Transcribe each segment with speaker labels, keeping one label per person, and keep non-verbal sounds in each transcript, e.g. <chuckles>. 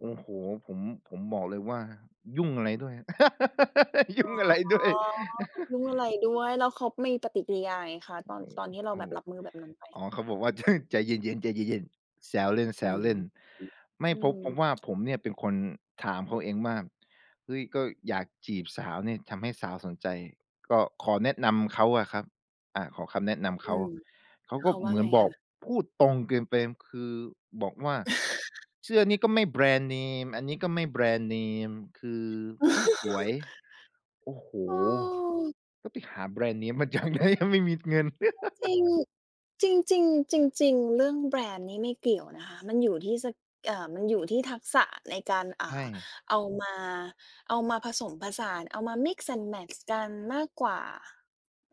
Speaker 1: โอ้โฮ ผม ผมบอกเลยว่า "ยุ่งอะไรด้วย? <laughs> ย
Speaker 2: อ๋อ
Speaker 1: ุ่งอะไรด้วย"
Speaker 2: ยุ่ง
Speaker 1: <chuckles>
Speaker 2: อะไรด้วย แล้วเขามีปฏิกิริยาไงคะ?
Speaker 1: โอ
Speaker 2: ต
Speaker 1: ้
Speaker 2: อน ตอนที่เรา
Speaker 1: โฮ อ โอ
Speaker 2: แ
Speaker 1: ้
Speaker 2: บบรับมือแบบ นั้นไป?
Speaker 1: อ๋อ เขาบอกว่า <chuckles> "ใจเย็น ๆ แซวเล
Speaker 2: อื
Speaker 1: ่น ๆ" ไม่เพราะ เพราะว่า
Speaker 2: ม
Speaker 1: ผมเนี่ยเป็นคนถามเขาเองว่า "เฮ้ย ก็อยากจีบสาวเนี่ย ทำให้สาวสนใจ" ก็ขอแนะนำเขาอะครับ อา ขอคำแนะนำเ
Speaker 2: อ
Speaker 1: ขา
Speaker 2: ืม
Speaker 1: เขา
Speaker 2: เ
Speaker 1: ก
Speaker 2: ข
Speaker 1: ็
Speaker 2: าว่
Speaker 1: เ
Speaker 2: า
Speaker 1: หมือ
Speaker 2: ไ
Speaker 1: น
Speaker 2: ง
Speaker 1: บ
Speaker 2: ค
Speaker 1: อก
Speaker 2: ะ?
Speaker 1: พูดตรงเกินไป คือบอกว่า "เสื้อนี้ก็ไม่แบร
Speaker 2: <chuckles>
Speaker 1: นด์เนม อันนี้ก็ไม่แบรนด์เนม คือไม่สวย"
Speaker 2: <laughs>
Speaker 1: โอ้โฮ
Speaker 2: เออ
Speaker 1: ก็ไปหาแบรนด์เนมมา จากไหน ยังไม่มีเงิน
Speaker 2: จริ
Speaker 1: <laughs>
Speaker 2: ง ๆ จริง ๆ จริง ๆ เรื่องแบรนด์นี้ไม่เกี่ยวนะคะ มันอยู่ที่ ส เอ่อ มันอยู่ที่ทักษะในการ อ่
Speaker 1: ใช
Speaker 2: า
Speaker 1: ่
Speaker 2: เอามา เอามาผสมผสาน เอามา mix and match กันมากกว่า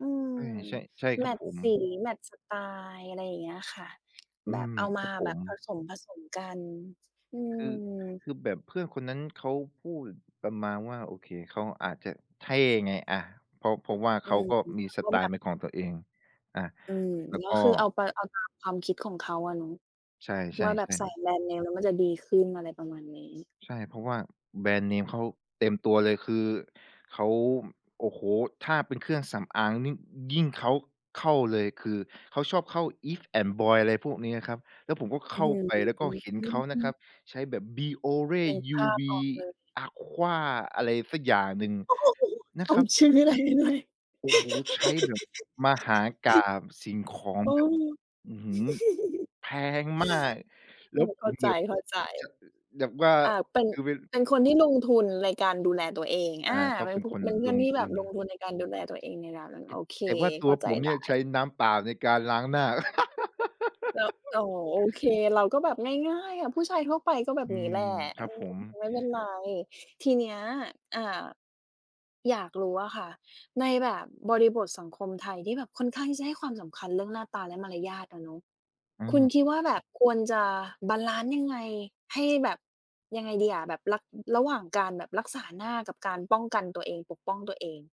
Speaker 2: อืม
Speaker 1: ใช่ ๆ ใช่ค
Speaker 2: แม
Speaker 1: รับ
Speaker 2: ตช
Speaker 1: ผ
Speaker 2: ์
Speaker 1: ม
Speaker 2: สี แมตช์สไตล์ อะไรอย่างเงี้ยค่ะ
Speaker 1: อื
Speaker 2: แบบ
Speaker 1: ม
Speaker 2: เอา
Speaker 1: ค
Speaker 2: มา
Speaker 1: รับผ
Speaker 2: แบบ
Speaker 1: ม
Speaker 2: ผสม ๆ กัน อื
Speaker 1: คือ
Speaker 2: ม
Speaker 1: คือแบบเพื่อนคนนั้นเขาพูดประมาณว่า โอเค เขาอาจจะเท่ไง อา เพราะ เพราะว่า
Speaker 2: อ
Speaker 1: เข
Speaker 2: ื
Speaker 1: า
Speaker 2: ม
Speaker 1: ก็มี
Speaker 2: เขา
Speaker 1: ส
Speaker 2: ก็
Speaker 1: ไต
Speaker 2: แบ
Speaker 1: ล์
Speaker 2: บ
Speaker 1: เป็นของตัวเอง อา
Speaker 2: อืม
Speaker 1: แล้ว
Speaker 2: ก
Speaker 1: ก
Speaker 2: ็
Speaker 1: ็
Speaker 2: คือเอา ต เอาตามความคิดของเขาอะเนาะ
Speaker 1: ใช
Speaker 2: ว
Speaker 1: ่
Speaker 2: ่าแบบใส่
Speaker 1: ๆ ๆ
Speaker 2: แบรนด์เนมแล้วมันจะดีขึ้น อะไรประมาณนี้
Speaker 1: ใช่ เพราะว่าแบรนด์เนมเขาเต็มตัวเลย คือเขา โอ้โฮ ถ้าเป็นเครื่องสำอางนี่ยิ่งเขาเข้าเลย คือเขาชอบเข้า Eve and boy อะไรพวกเนี้ย อะครับ แล้วผมก็
Speaker 2: อ
Speaker 1: เข
Speaker 2: ื้อ
Speaker 1: ้าไป แล้วก็เห็น
Speaker 2: ฮ
Speaker 1: เขาน
Speaker 2: ื
Speaker 1: ะครั
Speaker 2: อ
Speaker 1: บ ใช้แบบ Biore
Speaker 2: นึกภาพ
Speaker 1: UV
Speaker 2: ออกเลย
Speaker 1: Aqua อะไรสักอย่างหนึ่ง
Speaker 2: โอ้โฮ
Speaker 1: น
Speaker 2: ท
Speaker 1: ะ
Speaker 2: ่
Speaker 1: ค
Speaker 2: อ
Speaker 1: ร
Speaker 2: ง
Speaker 1: ับ
Speaker 2: ชื่อได้ด้วย <laughs>
Speaker 1: โอ้โฮ ใช้แบบมหากาพย์สิ่งของ
Speaker 2: เออ
Speaker 1: แบบ อื้อฮือ แพงมาก แ
Speaker 2: <giggles>
Speaker 1: ล
Speaker 2: ถ
Speaker 1: ้ว
Speaker 2: ูก
Speaker 1: ผ
Speaker 2: เข้า
Speaker 1: ม
Speaker 2: ใ
Speaker 1: แ
Speaker 2: จ
Speaker 1: บบจะ อ แบบว่า
Speaker 2: ๆ อา เป็น
Speaker 1: คือเป็น
Speaker 2: เป็นคนที่ ลงทุนในการดูแลตัวเอง อ
Speaker 1: อา
Speaker 2: า
Speaker 1: เขา
Speaker 2: เป็
Speaker 1: เ
Speaker 2: น
Speaker 1: ป็น
Speaker 2: พุ
Speaker 1: คน
Speaker 2: เป็นเพื่
Speaker 1: ล
Speaker 2: อน
Speaker 1: ง
Speaker 2: ที่
Speaker 1: ท
Speaker 2: แบ
Speaker 1: ุ
Speaker 2: บ
Speaker 1: น
Speaker 2: ลงทุนในการดูแลตัวเองในนั้น น
Speaker 1: ต
Speaker 2: โอเค
Speaker 1: แต่ว่าต
Speaker 2: เข
Speaker 1: ั
Speaker 2: ้
Speaker 1: ว
Speaker 2: าใจ
Speaker 1: ผม
Speaker 2: ไ
Speaker 1: เน
Speaker 2: ด
Speaker 1: ี่ยใช
Speaker 2: ้
Speaker 1: ้น้ำเปล่าในการล้างหน้า
Speaker 2: แล้ว อ๋
Speaker 1: <laughs>
Speaker 2: อ โอเค เราก็แบบง่าย ๆ อะ ผู้ชายทั่วไปก็แบบ
Speaker 1: อื
Speaker 2: นี้
Speaker 1: ม
Speaker 2: แหละ
Speaker 1: ครั
Speaker 2: อ
Speaker 1: บ
Speaker 2: ื
Speaker 1: ผ
Speaker 2: ม
Speaker 1: ม
Speaker 2: ไม่เป็นไร ทีเนี้ย อ่า อยากรู้อะค่ะ ในแบบบริบทสังคมไทยที่แบบค่อนข้างที่จะให้ความสำคัญเรื่องหน้าตาและมารยาทอะเนาะ
Speaker 1: อ
Speaker 2: คุณ
Speaker 1: า
Speaker 2: คิดว่าแบบควรจะบาลันซ์ยังไง? ให้แบบ ยังไงดีอะ แบบ ร ระหว่างการแบบรักษาหน้ากับการป้องกันตัวเอง ปกป้องตัวเอง